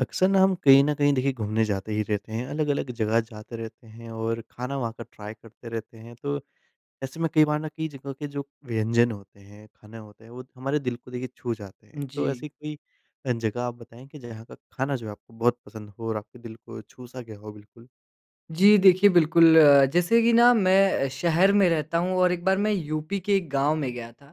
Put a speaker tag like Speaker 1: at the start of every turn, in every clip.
Speaker 1: अक्सर ना हम कहीं न कहीं देखिए घूमने जाते ही रहते हैं। अलग-अलग जगह जाते रहते हैं। और खाना वहाँ का ट्राई करते रहते हैं। तो ऐसे में कई बार ना कई जगह के जो व्यंजन होते हैं, खाने होते हैं, वो हमारे दिल को देखिए छू जाते हैं, तो
Speaker 2: जी।
Speaker 1: ऐसी कोई अ, जगह आप बताएँ कि जहाँ का खाना जो है आपको बहुत पसंद हो और आपके दिल को छू सा गया हो? बिल्कुल।
Speaker 2: जी देखिए बिल्कुल, जैसे कि ना मैं शहर में रहता हूँ और एक बार मैं यूपी के एक गाँव में गया था।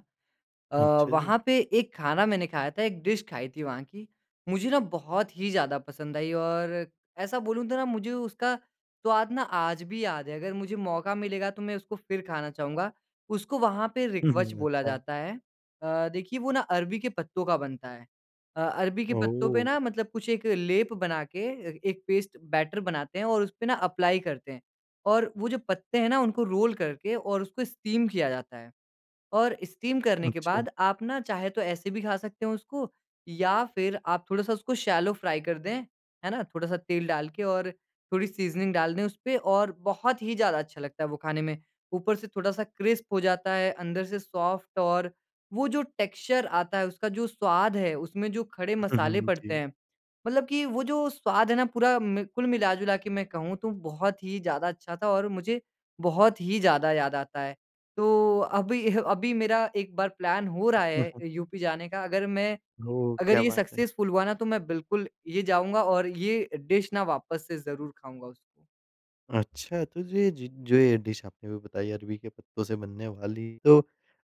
Speaker 2: अ,
Speaker 1: अच्छा जी।
Speaker 2: वहाँ पे एक खाना मैंने खाया था। एक डिश खाई थी वहाँ की। मुझे ना बहुत ही ज़्यादा पसंद आई और ऐसा बोलूँ तो ना मुझे उसका स्वाद ना आज भी याद है। अगर मुझे मौका मिलेगा तो मैं उसको फ़िर खाना चाहूँगा। उसको वहाँ पे
Speaker 1: हुँ,
Speaker 2: रिक्वच
Speaker 1: हुँ।
Speaker 2: बोला
Speaker 1: अच्छा।
Speaker 2: जाता है। अ, देखिए वो ना अरबी के पत्तों का बनता है। अ, अरबी के पत्तों पे ना
Speaker 1: ओह!
Speaker 2: मतलब कुछ एक लेप बना के एक पेस्ट बैटर बनाते हैं और उसपे ना एप्लाई करते हैं। और वो जो पत्ते हैं ना उनको रोल करके और उसको स्टीम किया जाता है। और स्टीम करने के
Speaker 1: अच्छा।
Speaker 2: बाद आप ना चाहे तो ऐसे भी खा सकते हो उसको। या फ़िर आप थोड़ा सा उसको शैलो फ्राई कर दें, है ना? थोड़ा सा तेल डाल के और थोड़ी सीज़निंग डाल दें उसपे और बहुत ही ज़्यादा अच्छा लगता है वो खाने में। ऊपर से थोड़ा सा क्रिस्प हो जाता है, अंदर से सॉफ्ट और वो जो टेक्सचर आता है, उसका जो स्वाद है, उसमें जो खड़े
Speaker 1: हुँ,
Speaker 2: मसाले
Speaker 1: हुँ।
Speaker 2: पड़ते
Speaker 1: जी।
Speaker 2: हैं। मतलब कि वो जो स्वाद है ना पूरा म कुल मिला-जुला के मैं कहूँ तो बहुत ही ज़्यादा अच्छा था और मुझे बहुत ही ज़्यादा याद आता है। तो अभी-अभी मेरा एक बार प्लान हो रहा है यूपी जाने का। अगर मैं
Speaker 1: ओह!
Speaker 2: अगर
Speaker 1: क्या
Speaker 2: ये
Speaker 1: बात है।
Speaker 2: सक्सेसफुल हुआ ना तो मैं बिल्कुल ये जाऊँगा और ये डिश ना वापस से ज़रूर खाऊँगा उसको।
Speaker 1: अच्छा, तो जो ये ज जो ये डिश आपने अभी बताई अरबी के पत्तों से बनने वाली, तो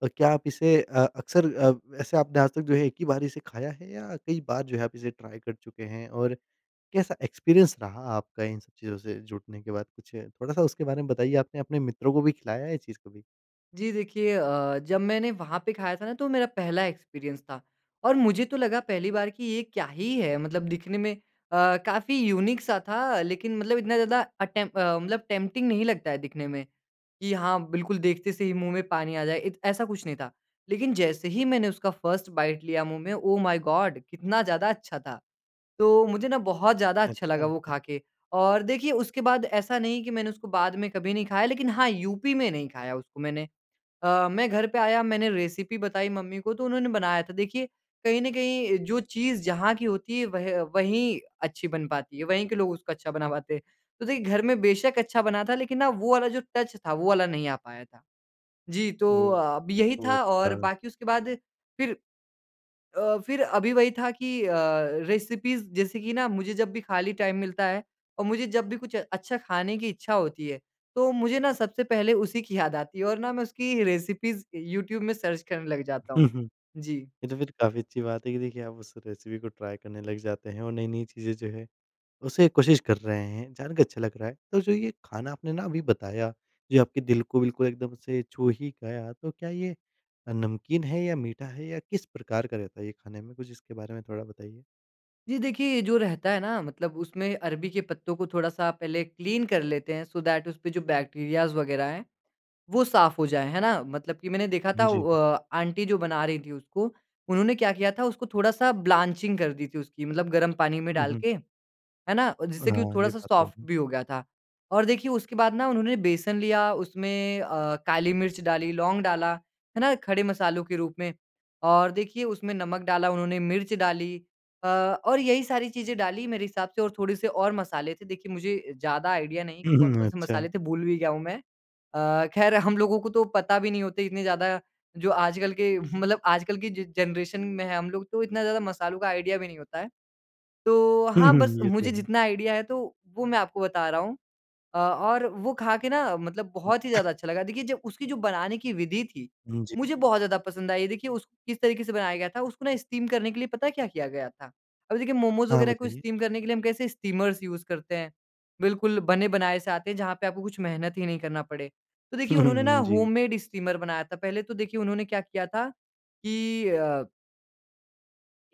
Speaker 1: अ, क्या आप इसे अ, अक्सर अ, वैसे आपने आज तक जो है एक ही बार इसे खाया है या कई बार जो है आप इसे ट्राय कर चुके हैं और कैसा एक्सपीरियंस रहा आपका इन सब चीज़ों से जुटने के बाद? कुछ थोड़ा-सा उसके बारे में बताइए। आपने अपने मित्रों को भी खिलाया है ये चीज़ कभी?
Speaker 2: जी, देखिए अ, जब मैंने वहाँ पे खाया था ना तो मेरा पहला एक्सपीरियंस था और मुझे तो लगा पहली बार कि ये क्या ही है? मतलब दिखने में अ, काफ़ी युनीक सा था, लेकिन मतलब इतना ज़्यादा अटेम्प अ, मतलब टेम्प्टिंग नहीं लगता है दिखने में, कि हाँ, बिल्कुल देखते से ही मुँह में पानी आ जाए। इत ऐसा कुछ नहीं था। लेकिन जैसे ही मैंने उसका फ़र्स्ट बाइट लिया मुँह में, ओह माय गॉड! कितना ज़्यादा अच्छा था। तो मुझे ना बहुत ज़्यादा अच्छा लगा वो
Speaker 1: अच्छा।
Speaker 2: खा के। और देखिए, उसके बाद ऐसा नहीं कि मैंने उसको बाद में कभी नहीं खाया, लेकिन हाँ, यूपी में नहीं खाया उसको मैंने। अ, मैं घर पे आया, मैंने रेसिपी बताई मम्मी को, तो उन्होंने बनाया था। देखिए, कहीं न कहीं जो चीज़ जहाँ की होती है, वह वहीं अच्छी बन पाती है। वहीं के लोग उसको अच्छा बना पाते हैं। तो देखिए घर में बेशक अच्छा बना था, लेकिन ना वो वाला जो टच था, वो वाला नहीं आ पाया था। जी, तो
Speaker 1: ओह!
Speaker 2: अब यही
Speaker 1: ओह!
Speaker 2: था और
Speaker 1: अच्छा।
Speaker 2: बाकी उसके बाद फिर अ, फिर अभी वही था कि अ, रेसिपीज़ जैसे कि ना मुझे जब भी खाली टाइम मिलता है और मुझे जब भी कुछ अच्छा खाने की इच्छा होती है, तो मुझे ना सबसे पहले उसी की याद आती है और ना मैं उसकी रेसिपीज़ यूट्यूब में सर्च करने लग जाता हूँ। जी।
Speaker 1: ये तो फिर काफ़ी अच्छी बात है कि देखिए, आप उस रेसिपी को ट्राय करने लग जाते हैं और नई-नई चीज़ें जो हैं, उसे कोशिश कर रहे हैं। जान के अच्छा लग रहा है। तो जो ये खाना आपने ना अभी बताया, जो आपके दिल को बिल्कुल एकदम से छू ही गया, तो क्या ये अ, नमकीन है या मीठा है या किस प्रकार का रहता है ये खाने में? कुछ इसके बारे में थोड़ा बताइए।
Speaker 2: जी देखिए, ये जो रहता है ना मतलब उसमें अरबी के पत्तों को थोड़ा-सा पहले क्लीन कर लेते हैं, सो दैट उसपे जो बैक्टीरियाज़ वगैरह है वो साफ हो जाए, है ना? मतलब कि मैंने देखा था
Speaker 1: जी।
Speaker 2: अ, आँटी जो बना रही थी उसको, उन्होंने क्या किया था उसको थोड़ा-सा ब्लांचिंग कर दी थी उसकी मतलब गरम पानी में
Speaker 1: हुँ,
Speaker 2: डाल
Speaker 1: हुँ।
Speaker 2: के, है ना? जिससे कि वो
Speaker 1: हाँ, ये
Speaker 2: थोड़ा-सा
Speaker 1: बात तो
Speaker 2: सॉफ्ट
Speaker 1: है।
Speaker 2: भी हो गया था। और देखिए उसके बाद ना उन्होंने बेसन लिया उसमें अ, काली मिर्च डाली, लौंग डाला, है ना? खड़े मसालों के रूप में। और देखिए उसमें नमक डाला, उन्होंने मिर्च डाली अ, और यही सारी चीज़ें डाली मेरे हिसाब से और थोड़े-से और मसाले थे। देखिए मुझे ज़्यादा आइडिया नहीं है कि
Speaker 1: हुँ, हुँ।
Speaker 2: कौन-कौन से
Speaker 1: अच्छा।
Speaker 2: मसाले थे भूल भी गया हूँ मैं। अ, खैर हम लोगों को तो पता भी नहीं होते इतने ज़्यादा जो आजकल के मतलब आजकल की जो जनरेशन में है हम लोग तो इतना ज़्यादा मसालों का आइडिया भी नहीं होता है। तो
Speaker 1: हुँ,
Speaker 2: हाँ बस
Speaker 1: हुँ। ये तो
Speaker 2: मुझे
Speaker 1: है।
Speaker 2: जितना आइडिया है तो, वो मैं आपको बता रहा हूँ। अ, और वो खा के ना मतलब बहुत ही ज़्यादा अच्छा लगा। देखिए जब उसकी जो बनाने की विधि थी,
Speaker 1: जी।
Speaker 2: मुझे बहुत ज़्यादा पसंद आई। देखिए, उस किस तरीके से बनाया गया था उसको ना स्टीम करने के लिए पता है क्या किया गया था? अब देखिए मोमोज
Speaker 1: हाँ,
Speaker 2: वगैरह को
Speaker 1: बताइए।
Speaker 2: स्टीम करने के लिए हम कैसे स्टीमर्स यूज़ करते हैं। बिल्कुल बने बनाए से आते हैं जहाँ पे आपको कुछ मेहनत ही नहीं करना पड़े। तो देखिए
Speaker 1: हुँ,
Speaker 2: उन्होंने ना
Speaker 1: हुँ। जी।
Speaker 2: होम मेड स्टीमर बनाया था। पहले तो देखिए उन्होंने क्या किया था कि अ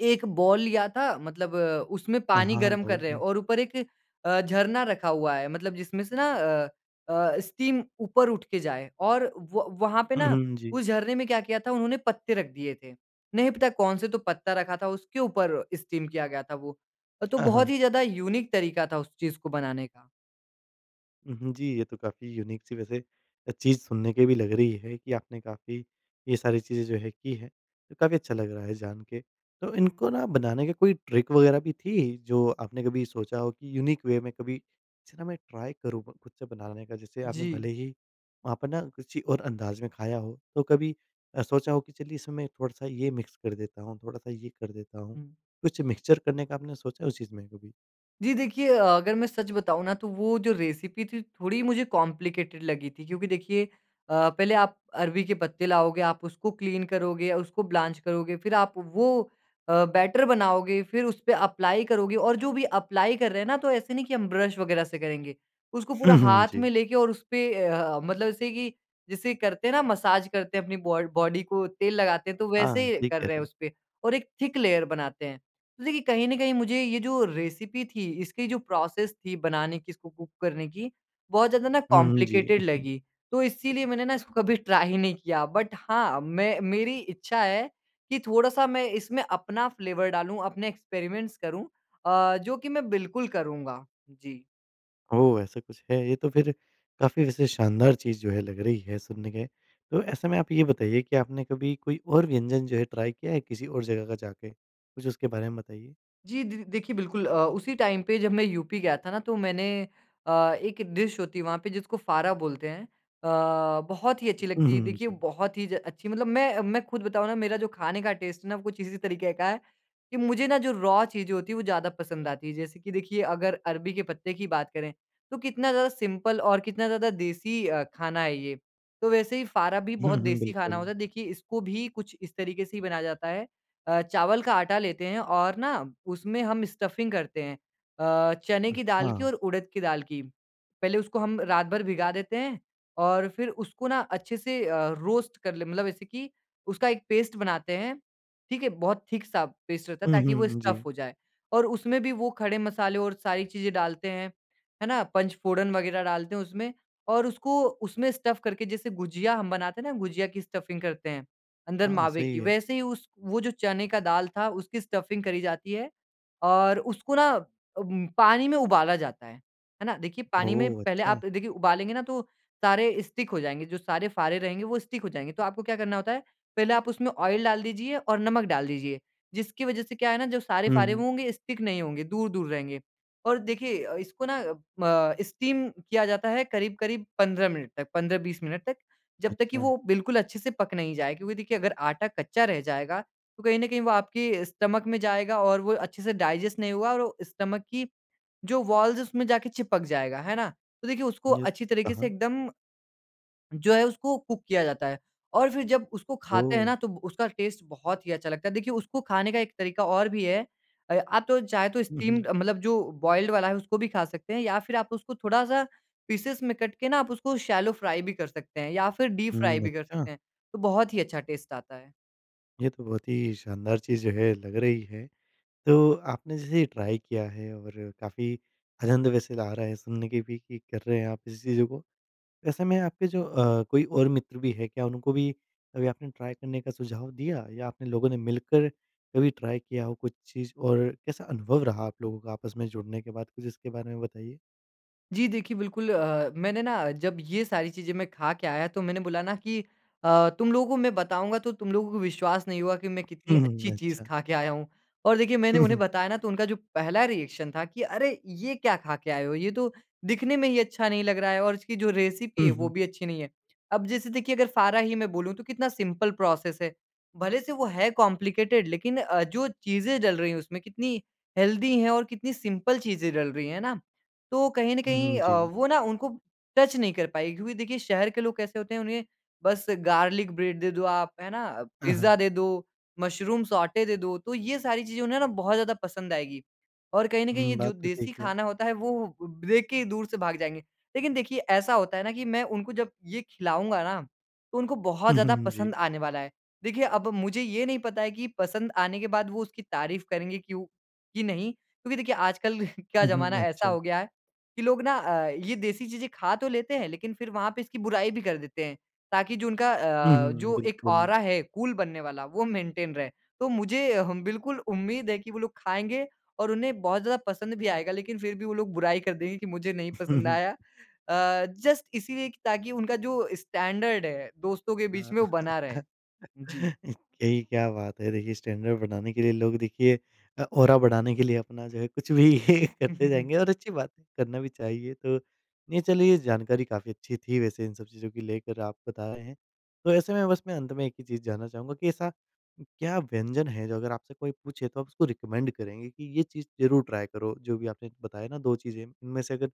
Speaker 2: एक बोल लिया था मतलब अ, उसमें
Speaker 1: हाँ,
Speaker 2: पानी
Speaker 1: हाँ,
Speaker 2: गरम कर
Speaker 1: बोल
Speaker 2: रहे हैं
Speaker 1: दूँ।
Speaker 2: और ऊपर एक अ, झरना रखा हुआ है, मतलब जिसमें से ना अ, अ, स्टीम ऊपर उठ के जाए और व वहाँ पे
Speaker 1: हुँ,
Speaker 2: ना
Speaker 1: हुँ, जी।
Speaker 2: उस झरने में क्या किया था उन्होंने पत्ते रख दिए थे। नहीं पता कौन से तो पत्ता रखा था उसके ऊपर स्टीम किया गया था वो। तो
Speaker 1: हाँ,
Speaker 2: बहुत
Speaker 1: हाँ।
Speaker 2: ही ज़्यादा यूनिक तरीका था उस चीज़ को बनाने का।
Speaker 1: हुँ, हुँ। जी ये तो काफ़ी यूनिक सी वैसे चीज़ सुनने की भी लग रही है कि आपने काफ़ी ये सारी चीज़ें जो है की है। काफ़ी अच्छा लग रहा है जान के। तो इनको ना बनाने का कोई ट्रिक वगैरह भी थी जो आपने कभी सोचा हो कि यूनिक वे में कभी इसे ना मैं ट्राई करूँ ख़ु ख़ुद से बनाने का जैसे आपने
Speaker 2: जी।
Speaker 1: भले ही वहाँ पर ना किसी और अंदाज़ में खाया हो तो कभी अ, सोचा हो कि चलिए इसमें थोड़ा-सा ये मिक्स कर देता हूँ, थोड़ा-सा ये कर देता हूँ,
Speaker 2: हुँ।
Speaker 1: कुछ मिक्सचर करने का आपने सोचा है उस चीज़ में कभी?
Speaker 2: जी देखिए अ, अगर मैं सच बताऊँ ना तो वो जो रेसिपी थी थोड़ी मुझे कॉम्प्लिकेटेड लगी थी क्योंकि देखिए अ, पहले आप अरबी के पत्ते लाओगे, आप उसको क्लीन करोगे, उसको ब्लॉन्च करोगे, फ़िर आप वो अ, बैटर बनाओगे, फ़िर उसपे अप्लाई करोगे और जो भी अप्लाई कर रहे हैं ना, तो ऐसे नहीं कि हम ब्रश वगैरह से करेंगे। उसको पूरा
Speaker 1: हुँ, हुँ,
Speaker 2: हाथ में
Speaker 1: जी।
Speaker 2: लेके और उसपे ए, अ, मतलब ऐसे कि जैसे करते हैं ना मसाज करते हैं अपनी बॉ बॉडी को तेल लगाते हैं तो
Speaker 1: हाँ,
Speaker 2: वैसे
Speaker 1: ठीक
Speaker 2: कर
Speaker 1: कह
Speaker 2: रहे
Speaker 1: रहे
Speaker 2: हैं
Speaker 1: हो।
Speaker 2: उसपे और एक थिक लेयर बनाते हैं। तो देखिए कहीं न कहीं मुझे ये जो रेसिपी थी इसकी जो प्रोसेस थी बनाने की इसको कुक करने की बहुत ज़्यादा ना
Speaker 1: हुँ, हुँ, जी।
Speaker 2: कॉम्प्लिकेटेड लगी, तो इसीलिए मैंने ना इसको कभी ट्राई ही नहीं किया। बट हाँ मैं, मेरी इच्छा है कि थोड़ा-सा मैं इसमें अपना फ्लेवर डालूँ अपने एक्सपेरिमेंट्स करूँ आ, जो कि मैं बिल्कुल करूँगा। जी।
Speaker 1: ओह ऐसा कुछ है। ये तो फिर काफ़ी वैसे शानदार चीज़ जो है लग रही है सुनने में। तो ऐसे में आप ये बताइए कि आपने कभी कोई और व्यंजन जो है ट्राई किया है किसी और जगह का जाके? कुछ उसके बारे में बताइए।
Speaker 2: जी द द देखिए बिल्कुल अ, उसी टाइम पे जब मैं यूपी गया था ना तो मैंने अ, एक डिश होती है वहाँ पे जिसको फारा बोलते हैं। अ, बहुत ही अच्छी
Speaker 1: हुँ
Speaker 2: लगती है।
Speaker 1: हुँ।
Speaker 2: देखिए
Speaker 1: जी।
Speaker 2: बहुत ही ज अच्छी मतलब मैं मैं खुद बताऊँ ना मेरा जो खाने का टेस्ट है ना वो कुछ इसी तरीके का है, कि मुझे ना जो रॉ चीज़ें होती हैं वो ज़्यादा पसंद आती हैं। जैसे कि देखिए अगर अरबी के पत्ते की बात करें तो कितना ज़्यादा सिंपल और कितना ज़्यादा देसी अ, खाना है ये। तो वैसे ही फारा भी बहुत
Speaker 1: हुँ हुँ।
Speaker 2: देसी खाना
Speaker 1: बिल्कुल।
Speaker 2: होता है। देखिए इसको भी कुछ इस तरीके से ही बनाया जाता है। अ, चावल का आटा लेते हैं और ना उसमें हम स्टफ़िंग करते हैं, अ, चने की दाल की
Speaker 1: हाँ।
Speaker 2: और उड़द की दाल की। पहले उसको हम रात भर भिगा देते हैं और फिर उसको ना अच्छे से अ, रोस्ट कर ले मतलब ऐसे कि उसका एक पेस्ट बनाते हैं, ठीक है। बहुत थिक सा पेस्ट रहता है
Speaker 1: हुँ
Speaker 2: ताकि वो
Speaker 1: हुँ।
Speaker 2: स्टफ़
Speaker 1: जी।
Speaker 2: हो जाए। और उसमें भी वो खड़े मसाले और सारी चीज़ें डालते हैं, है ना। पंचफोड़न वगैरह डालते हैं उसमें और उसको उसमें स्टफ़ करके जैसे गुझिया हम बनाते हैं ना, गुझिया की स्टफ़िंग करते हैं अंदर
Speaker 1: हाँ,
Speaker 2: मावे
Speaker 1: सही
Speaker 2: की,
Speaker 1: है।
Speaker 2: वैसे ही उस वो जो चने का दाल था उसकी स्टफ़िंग करी जाती है। और उसको ना अम, पानी में उबाला जाता है। है ना, देखिए पानी में
Speaker 1: ओह!
Speaker 2: पहले
Speaker 1: अच्छा।
Speaker 2: आप देखिए उबालेंगे ना तो सारे स्टिक हो जाएँगे। जो सारे फारे रहेंगे वो स्टिक हो जाएँगे। तो आपको क्या करना होता है पहले आप उसमें ऑयल डाल दीजिए और नमक डाल दीजिए। जिसकी वजह से क्या है ना जो सारे
Speaker 1: हुँ
Speaker 2: फारे
Speaker 1: हुँ।
Speaker 2: होंगे स्टिक नहीं होंगे, दूर-दूर रहेंगे। और देखिए अ, इसको ना म स्टीम किया जाता है करीब-करीब 15 मिनट तक, 15-20 मिनट तक जब तक कि
Speaker 1: अच्छा।
Speaker 2: वो बिल्कुल अच्छे से पक नहीं जाए। क्योंकि देखिए अगर आटा कच्चा रह जाएगा तो कहीं ना कहीं वो आपके स्टमक में जाएगा और वो अच्छे से डाइजेस्ट नहीं होगा और वो स्टमक की जो वॉल्स हैं उसमें जाके चिपक जाएगा, है ना। तो देखिए उसको अच्छी
Speaker 1: [unintelligible]
Speaker 2: तरीके से
Speaker 1: कहाँ?
Speaker 2: एकदम जो है उसको कुक किया जाता है। और फिर जब उसको खाते हैं
Speaker 1: ओह!
Speaker 2: ना तब उसका टेस्ट बहुत ही अच्छा लगता है। देखिए उसको खाने का एक तरीका और भी है। अ, आप तो चाहे तो
Speaker 1: हुँ हुँ।
Speaker 2: स्टीम्ड मतलब जो बॉयल्ड वाला है उसको भी खा सकते हैं या फिर आप उसको थोड़ा-सा पीसेज़ में कट के ना आप उसको शैलो फ्राई भी कर सकते हैं या फिर डीप फ्राई
Speaker 1: हुँ,
Speaker 2: भी कर
Speaker 1: अच्छा?
Speaker 2: सकते हैं। तो बहुत ही अच्छा टेस्ट आता है।
Speaker 1: ये तो बहुत ही शानदार चीज़ जो है, लग रही है। तो आपने जैसे ये ट्राय किया है और काफ़ी आनंद वैसे आ रहा है सुनने कि भी कि कर रहे हैं आप इस चीज़ों को। ऐसे में आपके जो अ, कोई और मित्र भी हैं, क्या उनको भी कभी आपने ट्राय करने का सुझाव दिया? या आपने लोगों ने मिलकर कभी ट्राई किया हो कुछ चीज़ और कैसा अनुभव रहा आप लोगों का आपस में जुड़ने के बाद? कुछ इसके बारे में बताइए।
Speaker 2: जी देखिए, बिल्कुल अ, मैंने ना जब ये सारी चीज़ें मैं खा के आया, तो मैंने बोला ना कि अ, "तुम लोगों को मैं बताऊँगा तो तुम लोगों को विश्वास नहीं हुआ कि मैं कितनी
Speaker 1: हुँ,
Speaker 2: अच्छी
Speaker 1: हुँ,
Speaker 2: चीज़
Speaker 1: अच्छा।
Speaker 2: खा के आया हूँ।" और देखिए, मैंने उन्हें बताया ना, तो उनका जो पहला रिएक्शन था कि, "अरे! ये क्या खा के आए हो? ये तो दिखने में ही अच्छा नहीं लग रहा है और इसकी जो रेसिपी है,
Speaker 1: हुँ,
Speaker 2: वो
Speaker 1: हुँ।
Speaker 2: भी अच्छी नहीं है।" अब जैसे देखिए, अगर फारा ही मैं बोलूँ, तो कितना सिम्पल प्रोसेस है। भले से वो है कॉम्प्लिकेटेड, लेकिन अ, जो चीज़ें डल रहीं उसमें कितनी हेल्दी हैं और कितनी सिम्पल चीज़ें डल रही हैं, है ना? तो कहीं न
Speaker 1: हुँ,
Speaker 2: कहीं अ,
Speaker 1: जी।
Speaker 2: वो ना उनको टच नहीं कर पाएँगी क्योंकि देखिए, शहर के लोग कैसे होते हैं, उन्हें बस गार्लिक ब्रेड दे दो आप, है ना?
Speaker 1: अ, हाँ।
Speaker 2: पिज़्ज़ा दे दो, मशरूम सौटे दे दो। तो ये सारी चीज़ें उन्हें ना बहुत ज़्यादा पसंद आएँगी और कहीं न कहीं
Speaker 1: हुँ,
Speaker 2: ये जो
Speaker 1: बात तो
Speaker 2: देसी
Speaker 1: ठीक है।
Speaker 2: खाना होता है, वो देख के ही दूर से भाग जाएँगे। लेकिन देखिए, ऐसा होता है ना कि मैं उनको जब ये खिलाऊँगा ना, तो उनको बहुत
Speaker 1: हुँ,
Speaker 2: ज़्यादा
Speaker 1: हुँ
Speaker 2: पसंद
Speaker 1: जी।
Speaker 2: आने वाला है। देखिए, अब मुझे ये नहीं पता है कि पसंद आने के बाद वो उसकी तारीफ करेंगे क्योंकि नहीं? क्योंकि देखिए आजकल का
Speaker 1: हुँ,
Speaker 2: ज़माना
Speaker 1: हुँ,
Speaker 2: ऐसा
Speaker 1: अच्छा।
Speaker 2: हो गया है कि लोग ना अ, ये देसी चीज़ें खा तो लेते हैं, लेकिन फिर वहाँ पे इसकी बुराई भी कर देते हैं। ताकि जो उनका
Speaker 1: हुँ,
Speaker 2: अ,
Speaker 1: हुँ।
Speaker 2: जो एक
Speaker 1: बिल्कुल।
Speaker 2: ऑरा है कूल बनने वाला, वो मेंटेन रहे। तो मुझे बिल्कुल उम्मीद है कि वो लोग खाएँगे और उन्हें बहुत ज़्यादा पसंद भी आएगा, लेकिन फिर भी वो लोग बुराई कर देंगे कि मुझे नहीं पसंद आया। अ, जस्ट इसीलिए कि ताकि उनका जो स्टैंडर्ड है दोस्तों के बीच में, वो बना रहे। जी।
Speaker 1: कई क्या बात है। देखिए, स्टैंडर्ड बनाने के लिए लोग देखिए अ, ऑरा बढ़ाने के लिए अपना जो है कुछ भी करते जाएँगे और अच्छी बात है, करना भी चाहिए। तो नहीं, चलिए, जानकारी काफ़ी अच्छी थी वैसे इन सब चीज़ों की लेकर आप बता रहे हैं। तो ऐसे में बस मैं अंत में एक ही चीज़ जानना चाहूँगा कि ऐसा क्या व्यंजन है जो अगर आपसे कोई पूछे, तो आप उसको रिकमेंड करेंगे कि, "ये चीज़ ज़रूर ट्राय करो।"? जो भी आपने बताया ना 2 चीज़ें, इनमें से अगर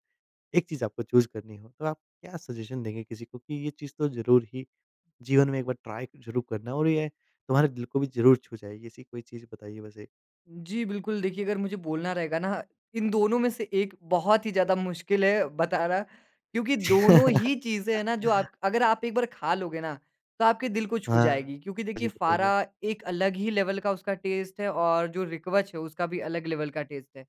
Speaker 1: एक चीज़ आपको चूज़ करनी हो, तो आप क्या सजेशन देंगे किसी को कि, "ये चीज़ तो ज़रूर ही जीवन में एक बार ट्राय ज़रूर करना और ये तुम्हारे दिल को भी ज़रूर छू जाएगी।"? ऐसी कोई चीज़ बताइए वैसे।
Speaker 2: जी, बिल्कुल। देखिए, अगर मुझे बोलना रहेगा ना, इन दोनों में से एक बहुत ही ज़्यादा मुश्किल है बताना क्योंकि दोनों ही चीज़ें हैं ना जो आप अगर आप एक बार खा लोगे ना, तो आपके दिल को छू
Speaker 1: हाँ।
Speaker 2: जाएगी क्योंकि
Speaker 1: जी,
Speaker 2: देखिए,
Speaker 1: बताइए।
Speaker 2: फारा एक अलग ही लेवल का उसका टेस्ट है और जो रिकवच है, उसका भी अलग लेवल का टेस्ट है।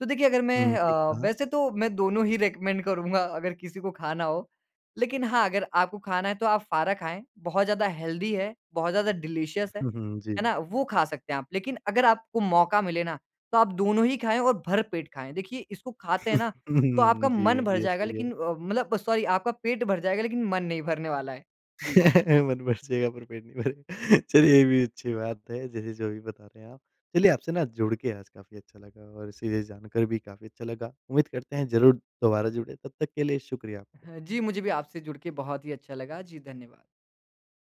Speaker 2: तो देखिए, अगर मैं
Speaker 1: हुँ, ठीक
Speaker 2: अ,
Speaker 1: कहा।
Speaker 2: वैसे तो मैं दोनों ही रिकमेंड करूँगा, अगर किसी को खाना हो। लेकिन हाँ, अगर आपको खाना है, तो आप फारा खाएँ। बहुत ज़्यादा हेल्दी है, बहुत ज़्यादा डिलीशियस है।
Speaker 1: हुँ, हुँ,
Speaker 2: है
Speaker 1: जी।
Speaker 2: ना? वो खा सकते हैं आप। लेकिन अगर आपको मौका मिले ना, तो आप दोनों ही खाएँ और भर पेट खाएँ। देखिए, इसको खाते हैं ना,
Speaker 1: हुँ,
Speaker 2: तो आपका
Speaker 1: हुँ, जी,
Speaker 2: मन भर
Speaker 1: ये
Speaker 2: जाएगा
Speaker 1: सही
Speaker 2: लेकिन
Speaker 1: है।
Speaker 2: अ, मतलब सॉरी, आपका पेट भर जाएगा लेकिन मन नहीं भरने वाला है। जी।
Speaker 1: मन भर जाएगा पर पेट नहीं भरेगा। चलिए ये भी अच्छी बात है, जैसे जो भी बता रहे हैं आप। चलिए, आपसे ना जुड़ के आज काफ़ी अच्छा लगा और सीधे से जान कर भी काफ़ी अच्छा लगा। उम्मीद करते हैं, ज़रूर दोबारा जुड़ें। तब तक के लिए शुक्रिया आपका।
Speaker 2: जी, मुझे भी आपसे जुड़ के बहुत ही अच्छा लगा। जी, धन्यवाद।